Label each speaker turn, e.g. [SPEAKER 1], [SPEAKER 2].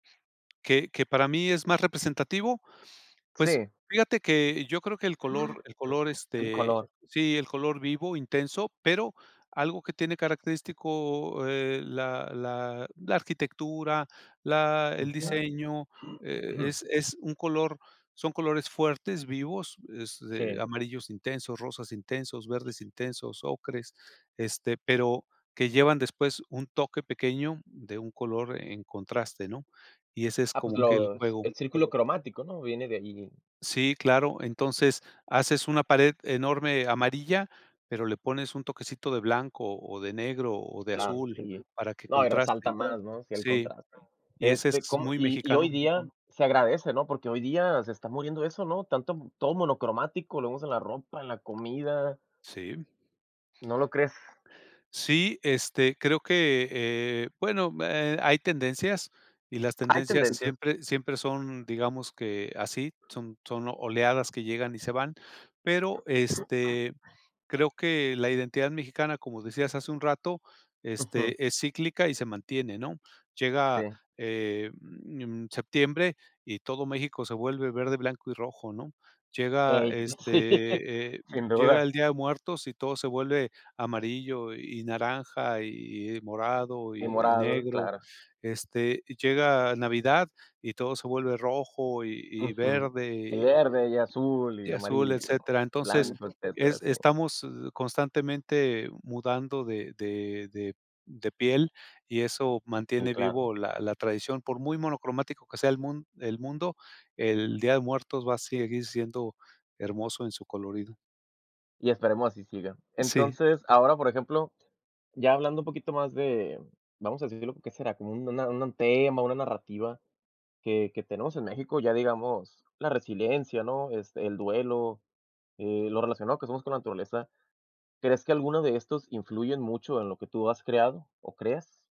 [SPEAKER 1] ¿Qué qué para mí es más representativo? Pues
[SPEAKER 2] Sí.
[SPEAKER 1] fíjate que yo creo que el color el color,
[SPEAKER 2] El
[SPEAKER 1] este
[SPEAKER 2] color.
[SPEAKER 1] sí, el color vivo, intenso, pero algo que tiene característico, eh, la la la arquitectura, la el
[SPEAKER 2] Ujú.
[SPEAKER 1] diseño, e es es un color son colores fuertes, vivos, es, eh,
[SPEAKER 2] Sí.
[SPEAKER 1] amarillos intensos, rosas intensos, verdes intensos, ocres, este, pero que llevan después un toque pequeño de un color en contraste, ¿no? Y ese es
[SPEAKER 2] Ah, pues,
[SPEAKER 1] como que el
[SPEAKER 2] los
[SPEAKER 1] juego.
[SPEAKER 2] el círculo cromático, ¿no? Viene de allí.
[SPEAKER 1] Sí, claro. Entonces, haces una pared enorme amarilla, pero le pones un toquecito de blanco, o de negro, o de
[SPEAKER 2] Claro,
[SPEAKER 1] azul
[SPEAKER 2] sí.
[SPEAKER 1] para que
[SPEAKER 2] No, y
[SPEAKER 1] contraste
[SPEAKER 2] resalta más, ¿no? Sí, el
[SPEAKER 1] Sí.
[SPEAKER 2] contraste.
[SPEAKER 1] Y ese
[SPEAKER 2] Este,
[SPEAKER 1] es
[SPEAKER 2] como
[SPEAKER 1] muy
[SPEAKER 2] y y hoy
[SPEAKER 1] mexicano.
[SPEAKER 2] día se agradece, ¿no? Porque hoy día se está muriendo eso, ¿no? Tanto todo monocromático, lo vemos en la ropa, en la comida.
[SPEAKER 1] Sí.
[SPEAKER 2] ¿No lo crees?
[SPEAKER 1] Sí, este, creo que, eh, bueno, hay tendencias y las
[SPEAKER 2] Hay
[SPEAKER 1] tendencias
[SPEAKER 2] tendencias.
[SPEAKER 1] siempre siempre son digamos que así, son son oleadas que llegan y se van. Pero, este, creo que la identidad mexicana, como decías hace un rato,
[SPEAKER 2] Ujú.
[SPEAKER 1] este, es cíclica y se mantiene, ¿no? Llega,
[SPEAKER 2] Sí.
[SPEAKER 1] eh, mm, septiembre y todo México se vuelve verde, blanco y rojo, ¿no? Llega,
[SPEAKER 2] Ey, sí
[SPEAKER 1] este, eh,
[SPEAKER 2] sin
[SPEAKER 1] llega
[SPEAKER 2] duda.
[SPEAKER 1] el Día de Muertos y todo se vuelve amarillo y naranja y y morado
[SPEAKER 2] Y
[SPEAKER 1] y y
[SPEAKER 2] morado,
[SPEAKER 1] negro.
[SPEAKER 2] claro.
[SPEAKER 1] Este, llega Navidad y todo se vuelve rojo y y
[SPEAKER 2] Ujú. Y
[SPEAKER 1] verde
[SPEAKER 2] verde y azul y
[SPEAKER 1] y azul,
[SPEAKER 2] amarillo,
[SPEAKER 1] etcétera. Entonces,
[SPEAKER 2] blanco, etcétera,
[SPEAKER 1] es
[SPEAKER 2] sí.
[SPEAKER 1] estamos constantemente mudando de de de de piel, y eso
[SPEAKER 2] Sí,
[SPEAKER 1] mantiene
[SPEAKER 2] claro.
[SPEAKER 1] vivo la la tradición. Por muy monocromático que sea el mun el mundo, el Día de Muertos va a seguir siendo hermoso en su colorido.
[SPEAKER 2] Y esperemos así siga.
[SPEAKER 1] Sí.
[SPEAKER 2] Entonces, ahora, por ejemplo, ya hablando un poquito más de vamos a decirlo, ¿qué será? Como un una un tema, una narrativa que que tenemos en México, ya digamos la resiliencia, ¿no? Este, el duelo, eh, lo relacionado que somos con la naturaleza, ¿crees que alguno de estos influyen mucho en lo que tú has creado o creas?